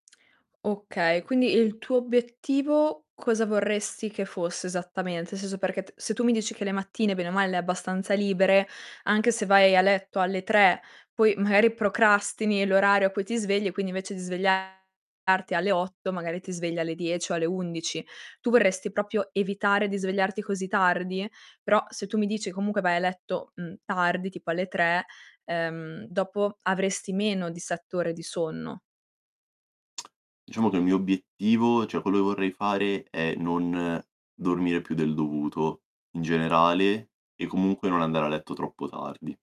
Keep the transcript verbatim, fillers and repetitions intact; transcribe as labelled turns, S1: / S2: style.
S1: Okay, quindi il tuo obiettivo cosa vorresti che fosse esattamente? seso, perché t se tu mi dici che le mattine bene o male le hai abbastanza libere, anche se vai a letto alle tre, poi magari procrastini l'orario a cui ti svegli e, quindi, invece di svegliarti alle otto, magari ti svegli alle dieci o alle undici. Tu vorresti propio evitare di svegliarti così tardi? Però se tu mi dici comunque vai a letto, mhmm, tardi, tipo alle tre, ehm, dopo avresti meno di sette ore di sonno.
S2: Diciamo che il mio obiettivo, cioè quello che vorrei fare è non dormire più del dovuto in generale e comunque non andare a letto troppo tardi.